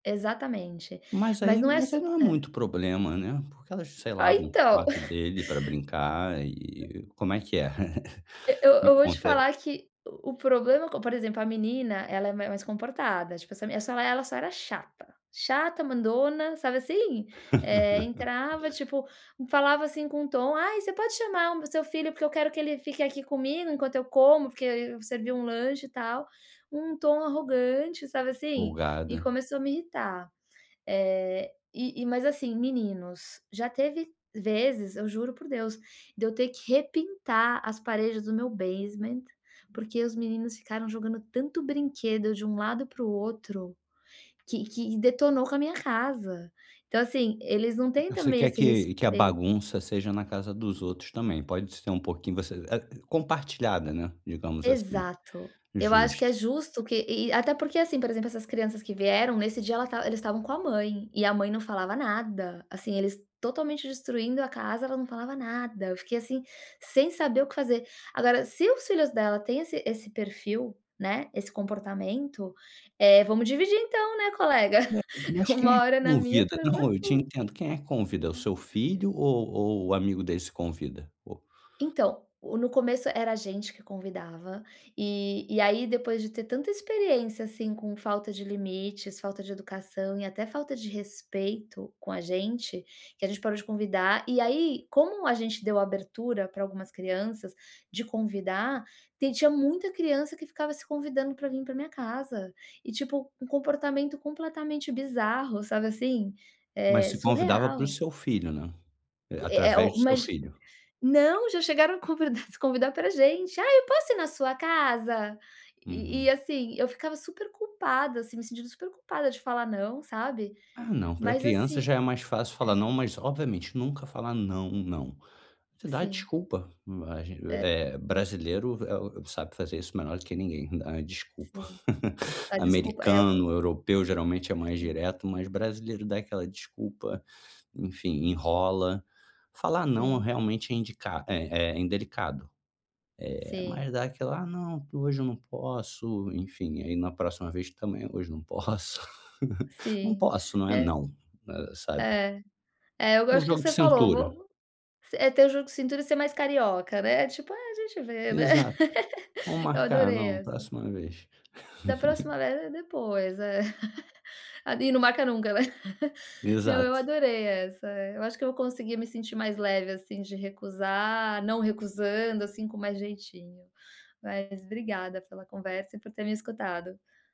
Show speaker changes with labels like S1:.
S1: Exatamente.
S2: Mas
S1: Mas
S2: aí,
S1: não é
S2: mas
S1: só
S2: aí não é
S1: Hã?
S2: muito problema né. Porque elas sei lá
S1: Ah,
S2: vão para o
S1: então.
S2: quarto dele pra brincar e como é que é?
S1: Eu
S2: Me
S1: eu vou te
S2: conta, é
S1: falar que o problema, como por exemplo, a menina ela ela é mais comportada. Tipo, essa essa ela só era chata. Chata, mandona, sabe assim? Eh, entrava, tipo, falava, assim, com um tom: "Ai você pode chamar o meu seu filho porque eu quero que ele fique aqui comigo enquanto eu como, porque eu servi um lanche e tal". Um tom arrogante, sabe, assim? E
S2: Folgada.
S1: começou a me irritar. Eh, e e, mas assim, meninos, já teve vezes, eu juro por Deus, de eu ter que repintar as paredes do meu basement, porque os meninos ficaram jogando tanto brinquedo de um lado pro outro que que detonou com a minha casa. Então, assim, eles não têm
S2: Você
S1: também
S2: quer
S1: esse
S2: que que a
S1: respeito
S2: bagunça seja na casa dos outros também, pode ser um pouquinho, você, eh eh, compartilhada, né, digamos assim.
S1: Exato. Eu acho que é
S2: Justo.
S1: justo que e até porque assim, por exemplo, essas crianças que vieram nesse dia, ela estava eles estavam com a mãe e a mãe não falava nada. Assim, eles totalmente destruindo a casa, ela não falava nada. Eu fiquei, assim, sem saber o que fazer. Agora se os filhos dela têm esse esse perfil, né, esse comportamento, eh, vamos dividir então, né, colega.
S2: Ué, mas quem é
S1: Uma
S2: que
S1: hora na minha,
S2: convida?
S1: outra hora na
S2: Não, eu te
S1: tua.
S2: entendo, quem é que convida? É o
S1: Hum.
S2: seu filho ou ou o amigo dele se convida? Ou
S1: Então, no começo era a gente que convidava e e aí depois de ter tanta experiência, assim, com falta de limites, falta de educação e até falta de respeito com a gente, que a gente parou de convidar e aí como a gente deu abertura para algumas crianças de convidar, tem tinha muita criança que ficava se convidando para vir pra minha casa e tipo um comportamento completamente bizarro, sabe assim?
S2: Mas
S1: Eh,
S2: se convidava pro
S1: surreal.
S2: seu filho, né? Eh,
S1: É é
S2: através
S1: o o
S2: do seu
S1: mas
S2: filho?
S1: Não, já chegaram a convidar para gente. "Ai eu posso ir na sua casa?". E e
S2: Uhum.
S1: assim eu ficava super culpada, assim, me sentindo super culpada de falar "não", sabe?
S2: Ah não, pra
S1: Mas
S2: criança
S1: assim
S2: já é mais fácil falar
S1: É.
S2: não, mas obviamente nunca falar não, não. Você dá
S1: Sim.
S2: desculpa, a gente
S1: É.
S2: eh, brasileiro eh, o sabe fazer isso melhor do que ninguém, a desculpa.
S1: Sei. A desculpa é.
S2: Americano, europeu geralmente é mais
S1: Sim.
S2: direto, mas brasileiro dá aquela desculpa, enfim, enrola, falar não
S1: Sim.
S2: realmente é indicado é é é indelicado, eh,
S1: Sim.
S2: mas dá aquela: “Ah, não, que hoje eu não posso”, enfim, aí na próxima vez também “Hoje não posso”. Não
S1: Sim,
S2: posso, não é
S1: né?
S2: não, sabe?
S1: É, é eu
S2: É um
S1: gosto que
S2: jogo de
S1: você falou, vou
S2: cintura.
S1: vou, s é ter o jogo cintura e ser mais carioca, né. Tipo, ah, a gente vê, né.
S2: Exato, "Vamos
S1: Eu
S2: marcar",
S1: adorei
S2: não,
S1: essa.
S2: próxima vez.
S1: Da próxima agora é: “depois”, é. E não marca nunca, né. Não, eu
S2: Exato.
S1: adorei essa. Eu acho que eu vou conseguir me sentir mais leve, assim, de recusar, não recusando, assim, com mais jeitinho. Mas obrigada pela conversa e por ter me escutado.